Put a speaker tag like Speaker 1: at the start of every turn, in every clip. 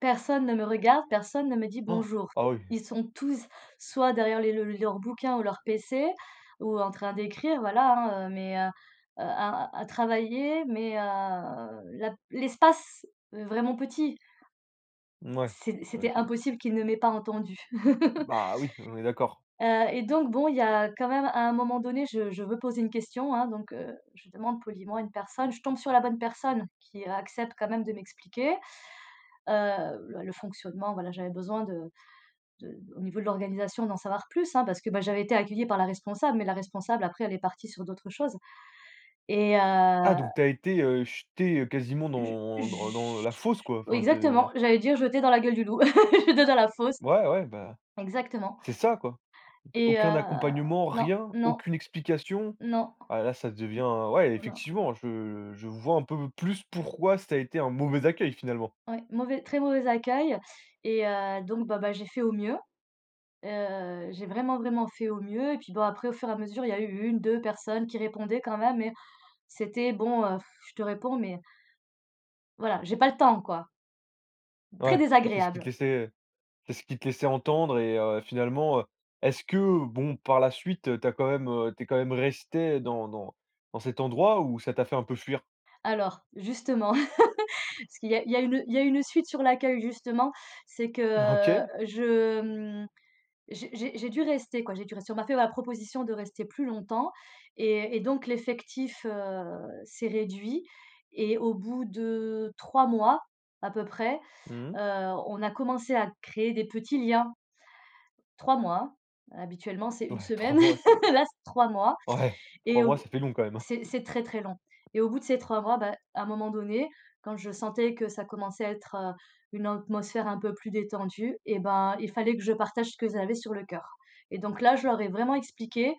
Speaker 1: Personne ne me regarde, personne ne me dit: «Bonjour».
Speaker 2: Ah oui.
Speaker 1: Ils sont tous soit derrière les leur bouquin ou leur pc ou en train d'écrire, voilà, hein, heu mais heu, à à travailler mais heu, la l'espace vraiment petit
Speaker 2: Mouais,
Speaker 1: c'est c'était
Speaker 2: OK.
Speaker 1: impossible qu'il ne m'ait pas entendue,
Speaker 2: Bah, oui, on est d'accord.
Speaker 1: heu et donc, bon, il y a quand même à un moment donné, je je veux poser une question, hein, donc heu, je demande poliment à une personne. Je tombe sur la bonne personne qui accepte quand même de m'expliquer, heu, l le fonctionnement, voilà, j'avais besoin de de au niveau de l'organisation, d'en savoir plus, hein, parce que, ben, j'avais été accueillie par la responsable mais la responsable après elle est partie sur d'autres choses et heu
Speaker 2: Ah, donc tu as été, heu, jetée quasiment
Speaker 1: Je
Speaker 2: dans dans dans
Speaker 1: je
Speaker 2: la fosse, quoi,
Speaker 1: oui,
Speaker 2: enfin, tu es
Speaker 1: exactement, j'allais dire «jeter dans la gueule du loup», jeter dans la fosse.
Speaker 2: Ouais, ouais, bah,
Speaker 1: Exactement
Speaker 2: c'est ça, quoi, d
Speaker 1: et
Speaker 2: aucun
Speaker 1: heu,
Speaker 2: accompagnement,
Speaker 1: non,
Speaker 2: rien,
Speaker 1: non.
Speaker 2: aucune explication.
Speaker 1: Non.
Speaker 2: Ah là, ça devient ouais,
Speaker 1: Oh non!
Speaker 2: effectivement, je je vois un peu plus pourquoi ça a été un mauvais accueil, finalement.
Speaker 1: Ouais, mauvais très mauvais accueil et heu, donc bon, bah, j'ai fait au mieux, heu, j'ai vraiment, vraiment fait au mieux et puis bon, après, au fur et à mesure, il y eu 1-2 personnes qui répondaient quand même mais c'était bon, heu, je te réponds mais voilà, j'ai pas le temps, quoi. Très
Speaker 2: Ouais, c'est ce qu'ils te
Speaker 1: désagréable!
Speaker 2: laissaient, heu, c'est ce qu'ils te laissaient entendre et heu, finalement, heu, est-ce que bon, par la suite, tu as quand même, heu, tu es quand même restée dans dans dans cet endroit ou ça t'a fait un peu fuir?
Speaker 1: Alors, justement, parce qu'il y a il y a une il y a une suite sur l'accueil, justement, c'est que
Speaker 2: OK.
Speaker 1: je, mmh, j'ai j'ai j'ai dû rester, quoi, j'ai dû rester. On m'a fait ma proposition de rester plus longtemps et et donc l'effectif, heu, s'est réduit et au bout de 3 mois, à peu près,
Speaker 2: Mmh mh.
Speaker 1: heu, on a commencé à créer des petits liens. 3 mois, habituellement, c'est une
Speaker 2: Ouais, 3
Speaker 1: semaine,
Speaker 2: mois c'est
Speaker 1: là, c'est 3 mois
Speaker 2: ouais,
Speaker 1: et
Speaker 2: 3 mois, ça
Speaker 1: au
Speaker 2: fait long quand même, hein!
Speaker 1: c'est c'est très, très long et au bout de ces 3 mois, bah, à un moment donné, quand je sentais que ça commençait à être, heu, une atmosphère un peu plus détendue, eh ben, il fallait que je partage ce que j'avais sur le cœur. Et donc, là, je leur ai vraiment expliqué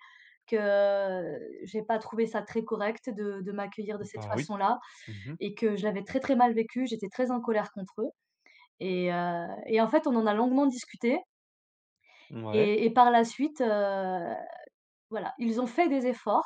Speaker 1: que j'ai pas trouvé ça très correct de de m'accueillir de cette
Speaker 2: Bah oui.
Speaker 1: façon-là
Speaker 2: Mmh mh.
Speaker 1: et que je l'avais très, très mal vécu, j'étais très en colère contre eux et heu et en fait, on en a longuement discuté
Speaker 2: Mouais.
Speaker 1: et et par la suite, heu, voilà, ils ont fait des efforts.